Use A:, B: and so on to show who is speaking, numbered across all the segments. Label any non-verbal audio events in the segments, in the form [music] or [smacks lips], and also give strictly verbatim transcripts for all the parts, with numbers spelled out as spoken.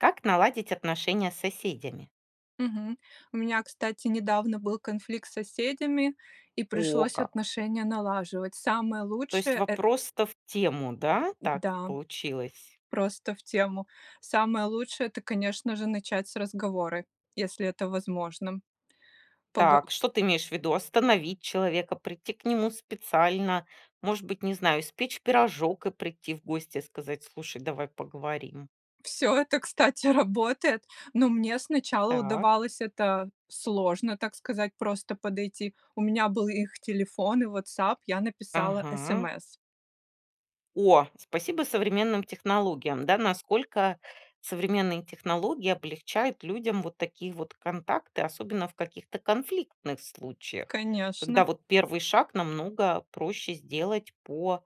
A: Как наладить отношения с соседями?
B: Мгм. У меня, кстати, недавно был конфликт с соседями и
A: О,
B: пришлось
A: как!
B: отношения налаживать. Самое
A: То есть
B: лучшее- э
A: вопрос-то в тему, да?
B: Д
A: Так
B: да,
A: получилось.
B: просто в тему. Самое лучшее- это, конечно же, начать с разговора, если это возможным. Погов
A: Так, что ты имеешь ввиду? Остановить человека, прийти к нему специально, может быть, не знаю, испечь пирожок и прийти в гости, и сказать: "Слушай, давай поговорим"?
B: Всё это, кстати, работает, но мне сначала
A: Так.
B: удавалось это сложно, так сказать, просто подойти. У меня был их телефон и "Ватсап", я написала
A: Ага.
B: смс.
A: О, спасибо современным технологиям, да? Насколько современные технологии облегчают людям вот такие вот контакты. Особенно в каких-то конфликтных случаях, когда
B: Конечно.
A: вот первый шаг намного проще сделать по,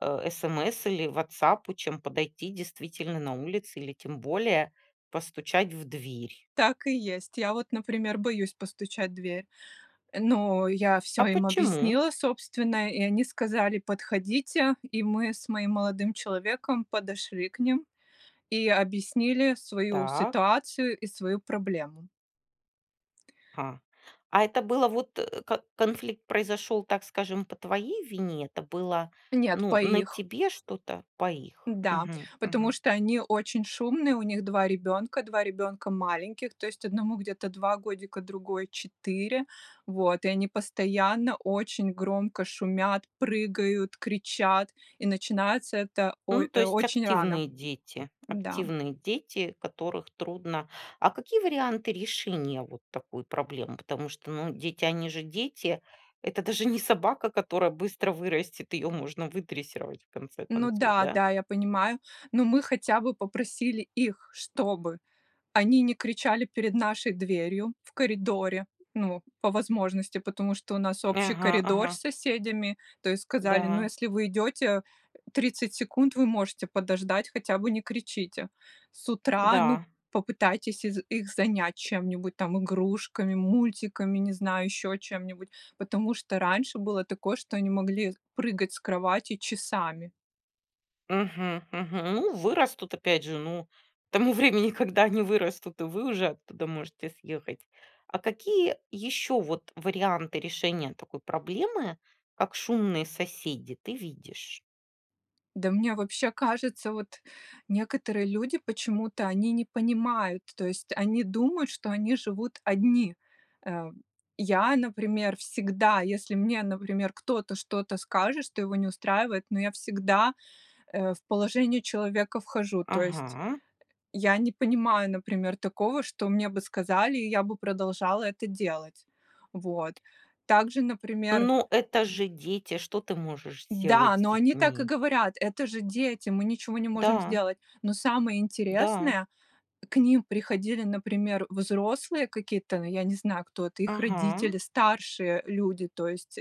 A: э, смс или "Ватсапу", чем подойти, действительно, на улице или, тем более, постучать в дверь.
B: Так и есть. Я вот, например, боюсь постучать в дверь. Э, но я всё
A: А
B: им
A: почему?
B: объяснила, собственно. И они сказали: "Подходите", и мы с моим молодым человеком подошли к ним, и объяснили свою
A: Так.
B: ситуацию и свою проблему.
A: Ха. А это было вот, э, к конфликт произошел, так скажем, по твоей вине, это было,
B: Нет,
A: ну,
B: по
A: на
B: их.
A: тебе что-то? По их.
B: Да,
A: Мгм,
B: потому
A: мгм.
B: что они очень шумные, у них два ребенка, два ребенка маленьких. То есть одному где-то два годика, другой- четыре. Вот, и они постоянно очень громко шумят, прыгают, кричат, и начинается это
A: Ну,
B: ой
A: то
B: э,
A: есть
B: очень рано.
A: активные дети.
B: Да.
A: Активные дети, которых трудно А какие варианты решения вот такой проблемы? Потому что, ну, дети- они же дети, это даже не собака, которая быстро вырастет, ее можно выдрессировать, в конце
B: Ну
A: концов, да?
B: да-да, я понимаю, но мы хотя бы попросили их, чтобы они не кричали перед нашей дверью в коридоре, ну, по возможности, потому что у нас
A: Нь
B: общий
A: Ага, ага.
B: коридор с соседями. То есть сказали: "Ну,
A: Да.
B: если вы идете тридцать секунд, вы можете подождать, хотя бы не кричите с утра, ну,
A: Да.
B: попытайтесь из их занять чем-нибудь, там, игрушками, мультиками, не знаю, еще чем-нибудь". Потому что раньше было такое, что они могли прыгать с кровати часами.
A: Мгм, мгм. Ну, вырастут, опять же, ну, к тому времени, когда они вырастут и вы уже оттуда можете съехать. А какие еще вот варианты решения такой проблемы, как шумные соседи, ты видишь?
B: Да мне вообще кажется, вот некоторые люди, почему-то они не понимают, то есть они думают, что они живут одни. Э, я, например, всегда, если мне, например, кто-то что-то скажет, что его не устраивает, но я всегда, э, в положение человека вхожу, то есть
A: Ага.
B: я не понимаю, например, такого, что мне бы сказали, и я бы продолжала это делать. Вот, также, например
A: Ну это же дети, что ты можешь сделать
B: Да,
A: с
B: но они так и
A: детьми?
B: говорят: "Это же дети, мы ничего не можем
A: Да.
B: сделать!". Но самое
A: Да.
B: интересное: к ним приходили, например, взрослые какие-то, но я не знаю, кто это, их
A: Ага.
B: родители, старшие люди, то есть,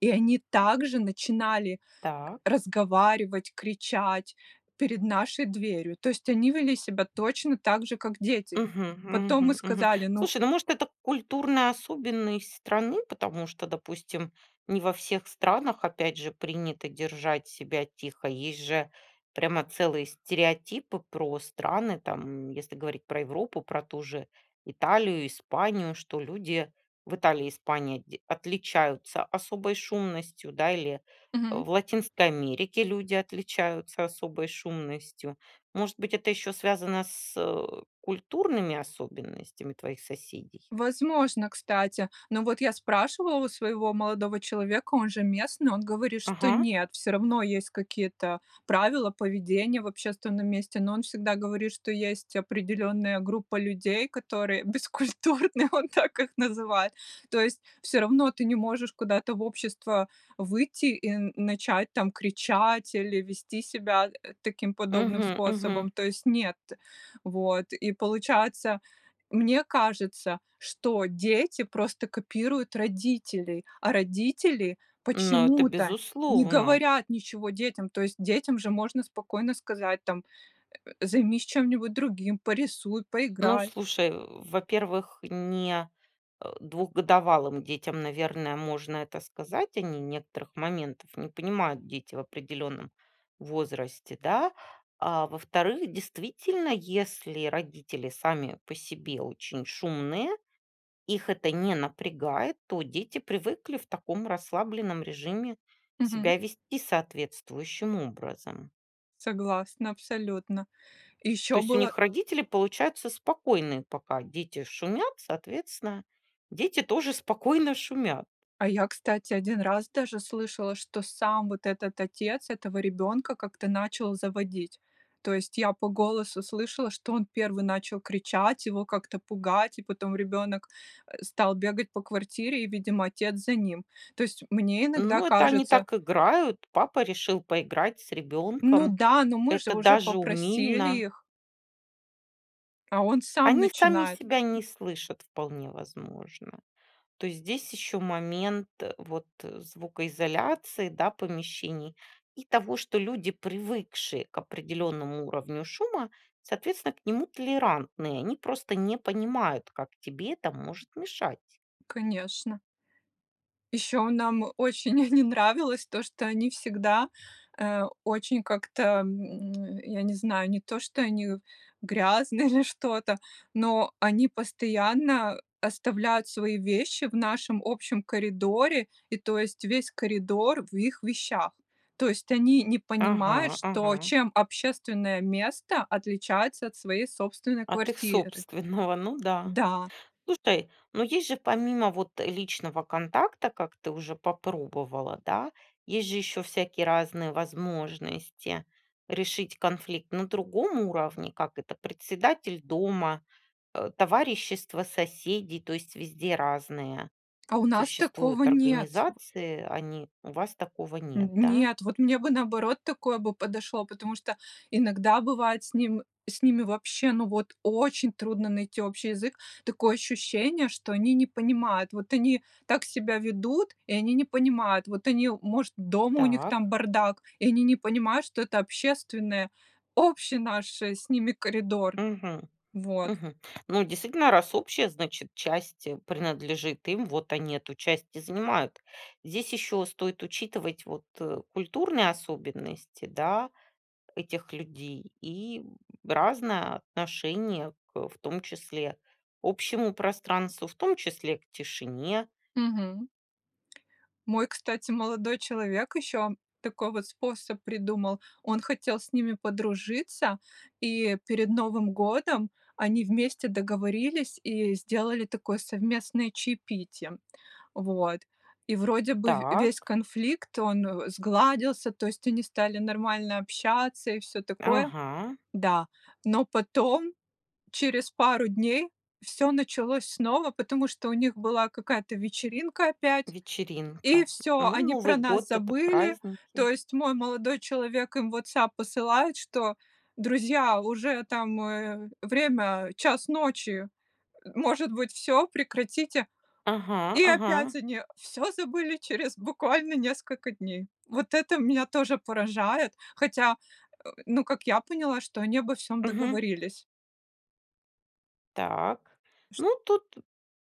B: и они также начинали
A: Так.
B: разговаривать, кричать перед нашей дверью, то есть они вели себя точно так же, как дети.
A: Мгм,
B: Потом мы
A: мгм, мгм.
B: сказали. Ну
A: Слушай, ну, может, это культурная особенность страны? Потому что, допустим, не во всех странах, опять же, принято держать себя тихо. Есть же прямо целые стереотипы про страны, там, если говорить про Европу, про ту же Италию, Испанию, что люди в Италии и Испании дь отличаются особой шумностью, да, или
B: Мгм.
A: в Латинской Америке люди отличаются особой шумностью. Может быть, это еще связано с, э, культурными особенностями твоих соседей?
B: Возможно, кстати. Но вот я спрашивала у своего молодого человека, он же местный, он говорит, что
A: Ага.
B: нет, всё равно есть какие-то правила поведения в общественном месте. Но он всегда говорит, что есть определенная группа людей, которые бескультурны, он так их называет. То есть всё равно ты не можешь куда-то в общество выйти и н начать там кричать, или вести себя, э, таким подобным
A: Мгм,
B: способом,
A: мгм.
B: то есть- нет. Вот, и получается, мне кажется, что дети просто копируют родителей, а родители
A: Но это
B: почему-то не
A: безусловно!
B: говорят ничего детям. То есть детям же можно спокойно сказать, там: "Займись чем-нибудь другим, порисуй,
A: Ну,
B: поиграй".
A: слушай, во-первых, не, э, двухгодовалым детям, наверное, можно это сказать. Они некоторых моментов не понимают, дети, в определенном возрасте, да. А, во-вторых, действительно, если родители сами по себе очень шумные, их это не напрягает, то дети привыкли в таком расслабленном режиме
B: Мгм.
A: себя вести соответствующим образом.
B: Согласна абсолютно!
A: То
B: Еще
A: есть у
B: было
A: них родители, получаются, спокойные, пока дети шумят, соответственно, дети тоже спокойно шумят.
B: А я, кстати, один раз даже слышала, что сам вот этот отец этого ребёнка как-то начал заводить. То есть я по голосу слышала, что он первый начал кричать, его как-то пугать, и потом ребенок, э, стал бегать по квартире, и, видимо, отец за ним. То есть мне иногда
A: Ну это они
B: кажется
A: так играют, папа решил поиграть с
B: Ну
A: ребенком,
B: да, ну мы же
A: это
B: уже
A: даже
B: попросили
A: умильно.
B: их! А он сам
A: Они сами
B: начинает.
A: себя не слышат, вполне возможно. То есть здесь еще момент вот звукоизоляции, да, помещений, и того, что люди, привыкшие к определенному уровню шума, соответственно, к нему толерантные. Они просто не понимают, как тебе это может мешать.
B: Конечно. Еще нам очень [chuckles] не нравилось то, что они всегда, э, очень как-то, м, [smacks lips] я не знаю, не то, что они грязные, или что-то, но они постоянно оставляют свои вещи в нашем общем коридоре, и то есть весь коридор в их вещах. То есть они не понимают,
A: Ага,
B: что
A: ага.
B: чем общественное место отличается от своей собственной
A: От их
B: квартиры.
A: собственного, ну да.
B: Да.
A: Слушай, ну есть же, помимо вот личного контакта, как ты уже попробовала, да, есть же еще всякие разные возможности решить конфликт на другом уровне, как это: председатель дома, э, товарищества соседей, то есть везде разные
B: А у нас такого
A: существуют
B: нет!
A: организации. Они у вас такого
B: Н
A: нет, да?
B: нет, вот мне бы, наоборот, такое бы подошло, потому что иногда бывает с ним с ними вообще, ну, вот очень трудно найти общий язык. Такое ощущение, что они не понимают, вот они так себя ведут, и они не понимают. Вот они, может, дома у них
A: Так.
B: там бардак, и они не понимают, что это общественное общий наш с ними коридор.
A: Мгм,
B: Вот.
A: мгм. Ну, действительно, раз общая, значит, часть принадлежит им. Вот они эту часть и занимают. Здесь еще стоит учитывать вот, э, культурные особенности, да, этих людей, и разное отношение к, в том числе, общему пространству, в том числе к тишине.
B: Мгм. Мой, кстати, молодой человек еще такой вот способ придумал: он хотел с ними подружиться, и перед Новым годом они вместе договорились и сделали такое совместное чаепитие. Вот, и вроде бы в весь
A: Так.
B: конфликт- он сгладился, то есть они стали нормально общаться, и всё такое.
A: Ага.
B: Да. Но потом, через пару дней, всё началось снова, потому что у них была какая-то вечеринка опять, и
A: Вечеринка.
B: всё,
A: Ну,
B: они про
A: Новый
B: нас
A: год- это
B: забыли. То
A: праздники.
B: есть мой молодой человек им в "Ватсап" посылает, что: "Друзья, уже там, э, время час ночи. Может быть всё, прекратите?".
A: Ага,
B: И
A: ага.
B: опять они всё забыли через, буквально, несколько дней. Вот это меня тоже поражает, хотя, э, ну, как я поняла, что они обо всём
A: Мгм.
B: договорились.
A: Так,
B: Ш
A: ну тут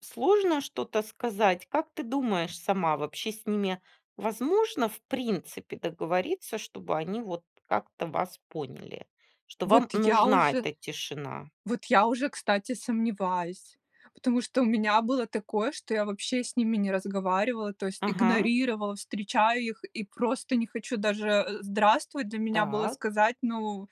A: сложно что-то сказать. Как ты думаешь сама, вообще с ними возможно, в принципе, договориться, чтобы они вот как-то вас поняли, что
B: Вот
A: вам
B: я
A: нужна
B: уже
A: эта тишина?
B: вот я уже, кстати, сомневаюсь, потому что у меня было такое, что я вообще с ними не разговаривала, то есть
A: Ага.
B: игнорировала. Встречаю их и просто не хочу Даже "здравствуй" для меня было
A: Так.
B: сказать, ну,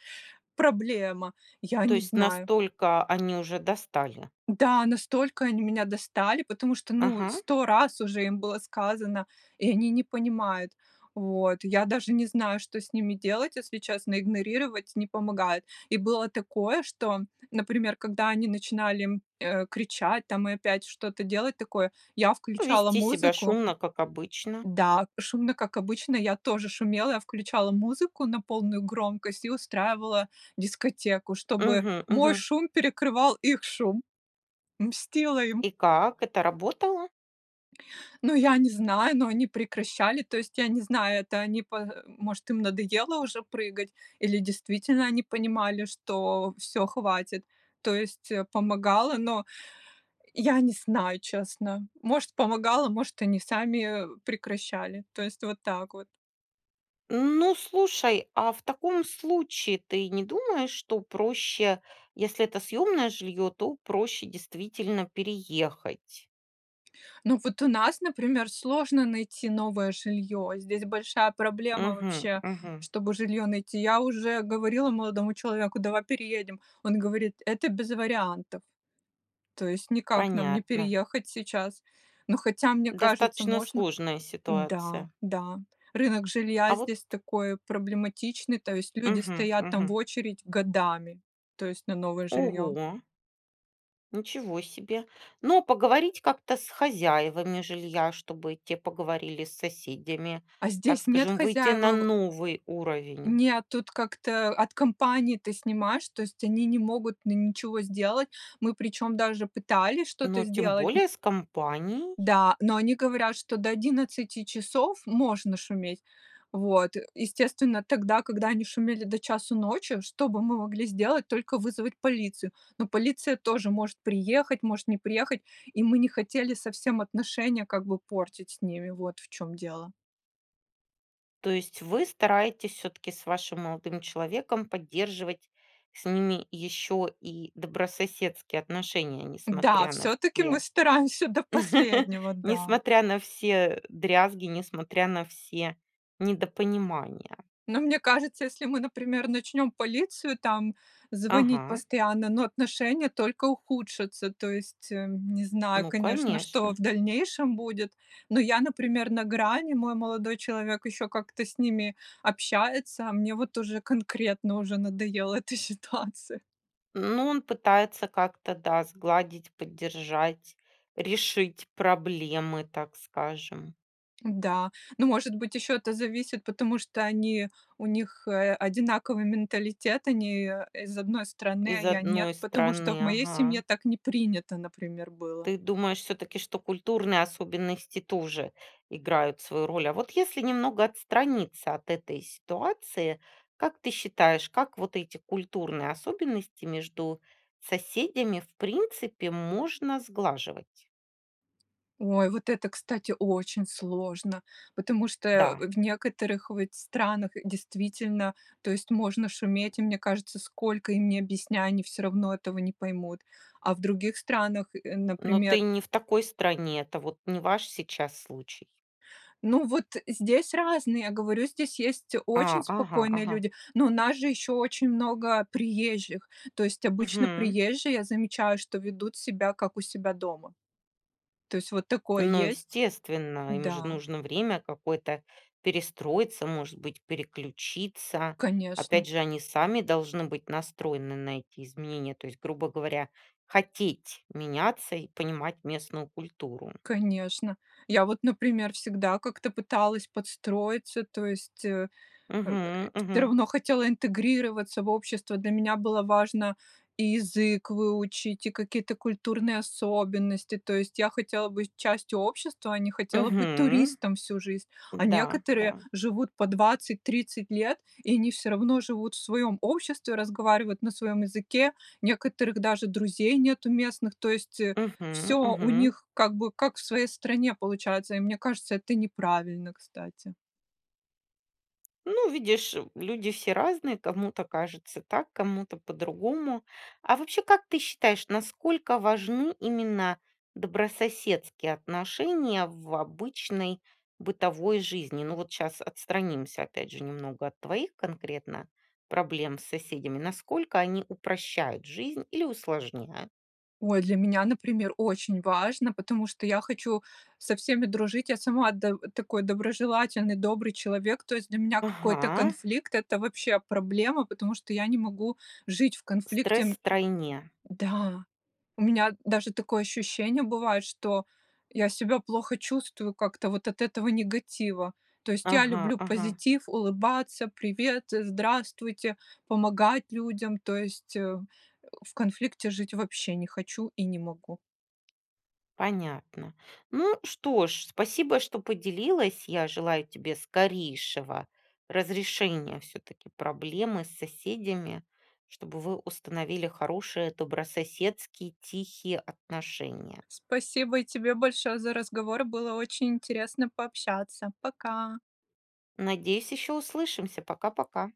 B: проблема. Я
A: То
B: не
A: есть
B: знаю.
A: настолько они уже достали.
B: Да, настолько они меня достали. Потому что, ну
A: Ага.
B: сто раз уже им было сказано, и они не понимают. Вот, я даже не знаю, что с ними делать, если честно, игнорировать не помогает. И было такое, что, например, когда они начинали, э, кричать там и опять что-то делать такое, я включала
A: Вести себя
B: музыку
A: шумно, как обычно.
B: да, шумно, как обычно. Я тоже шумела, я включала музыку на полную громкость и устраивала дискотеку, чтобы
A: Мгм,
B: мой
A: мгм.
B: шум перекрывал их шум. Мстила им!
A: И как, это работало?
B: Ну я не знаю, ну они прекращали. То есть, я не знаю, это они, по, э, может им надоело уже прыгать, или действительно они понимали, что всё, хватит. То есть, э, помогало, но, я не знаю, честно. Может помогало, может они сами, э, прекращали. То есть вот так вот.
A: Ну слушай, а в таком случае ты не думаешь, что проще, если это съемное жилье, то проще действительно переехать?
B: Ну вот у нас, например, сложно найти новое жилье, здесь большая проблема
A: Мгм,
B: вообще,
A: мгм.
B: чтобы жилье найти. Я уже говорила молодому человеку: "Давай переедем!" Он говорит: "Это без вариантов." То есть никак нам не
A: Понятно.
B: переехать сейчас. Ну хотя, мне кажется,
A: Достаточно
B: можно.
A: сложная
B: Да.
A: ситуация.
B: Да, рынок жилья
A: А вот
B: здесь такой проблематичный, то есть люди
A: Мгм,
B: стоят там в
A: мгм.
B: очередь годами, то есть на новое жилье.
A: Ого! Ничего себе! Но поговорить как-то с хозяевами жилья, чтобы те поговорили с соседями,
B: А
A: так
B: здесь нет
A: скажем, выйти на
B: хозяевов.
A: новый уровень.
B: Нет, тут как-то от компании ты снимаешь, то есть они не могут н ничего сделать. Мы причем, даже пытались что-то
A: Но тем
B: сделать н
A: более с компанией.
B: Да, но они говорят, что до одиннадцати часов можно шуметь. Вот, э, естественно, тогда, когда они шумели до часу ночи, что бы мы могли сделать? Только вызвать полицию. Но полиция тоже может приехать, может не приехать, и мы не хотели совсем отношения как бы портить с ними, вот в чем дело.
A: То есть вы стараетесь все-таки с вашим молодым человеком поддерживать с ними еще и добрососедские отношения,
B: Да,
A: несмотря на
B: все-таки мы
A: все
B: стараемся до
A: [laughs]
B: последнего, да!
A: несмотря на все дрязги, несмотря на все недопонимания.
B: Но мне кажется, если мы, например, начнем полицию там звонить
A: Ага.
B: постоянно, но отношения только ухудшатся. То есть, э, не знаю,
A: Ну
B: конечно, что в
A: конечно!
B: дальнейшем будет, но я, например, на грани, мой молодой человек еще как-то с ними общается. А мне вот уже конкретно, уже надоела эта ситуация.
A: Ну, он пытается как-то, да, сгладить, поддержать, решить проблемы, так скажем.
B: Да, ну, может быть, еще это зависит, потому что они у них, э, одинаковый менталитет, они, э, из одной страны, а
A: Из
B: я- нет.
A: одной
B: Потому что в
A: страны,
B: моей
A: ага.
B: семье так не принято, например, было.
A: Ты думаешь всё-таки, что культурные особенности тоже играют свою роль? А вот если немного отстраниться от этой ситуации, как ты считаешь, как вот эти культурные особенности между соседями, в принципе, можно сглаживать?
B: Ой, вот это, кстати, очень сложно, потому что, э,
A: Да.
B: в некоторых ведь странах, действительно, то есть можно шуметь, и мне кажется, сколько им не объясняй, они всё равно этого не поймут. А в других странах, э,
A: Но ты
B: например
A: не в такой стране, это вот не ваш сейчас случай?
B: Ну вот здесь разные, я говорю, здесь есть очень
A: А, ага,
B: спокойные
A: ага.
B: люди, но у нас же еще очень много приезжих. То есть обычно
A: Мгм.
B: приезжие, я замечаю, что ведут себя, как у себя дома. То есть вот такое
A: Ну,
B: есть
A: естественно, им же
B: Да.
A: нужно время какое-то, перестроиться, может быть, переключиться. Опять
B: Конечно!
A: же, они сами должны быть настроены на эти изменения, то есть, грубо говоря, хотеть меняться и понимать местную культуру.
B: Конечно. Я вот, например, всегда как-то пыталась подстроиться, то есть, э, э,
A: Мгм,
B: всё
A: мгм.
B: равно хотела интегрироваться в общество. Для меня было важно и язык выучить, и какие-то культурные особенности, то есть я хотела быть частью общества, а не хотела быть
A: Мгм.
B: туристом всю жизнь. А
A: Да, да.
B: некоторые живут по двадцать тридцать лет, и они всё равно живут в своем обществе, разговаривают на своем языке, некоторых даже друзей нет у местных. То есть, э,
A: Мгм,
B: всё у
A: мгм.
B: них, как бы, как в своей стране получается, и мне кажется, это неправильно, кстати.
A: Ну, видишь, м, люди все разные, кому-то кажется так, кому-то по-другому. А вообще, как ты считаешь, насколько важны именно добрососедские отношения в обычной бытовой жизни? Ну вот щас отстранимся опять же немного от твоих конкретно проблем с соседями: насколько они упрощают жизнь или усложняют?
B: Ой, для меня, например, очень важно, потому что я хочу со всеми дружить, я сама до такой доброжелательный, добрый человек, то есть для меня какой-то
A: Ага.
B: конфликт- это вообще проблема, потому что я не могу жить в конфликте,
A: Стресс
B: м
A: втройне.
B: Да, у меня даже такое ощущение бывает, что я себя плохо чувствую как-то вот от этого негатива. То есть я
A: Ага,
B: люблю
A: ага.
B: позитив, улыбаться, "привет", э, "здравствуйте", помогать людям, то есть, э, в конфликте жить вообще не хочу и не могу.
A: Понятно. Ну что ж, спасибо, что поделилась. Я желаю тебе скорейшего разрешения всё-таки проблемы с соседями, чтобы вы установили хорошие, добрососедские, тихие отношения.
B: Спасибо и тебе большое за разговор. Было очень интересно пообщаться. Пока!
A: Надеюсь, еще услышимся. Пока-пока!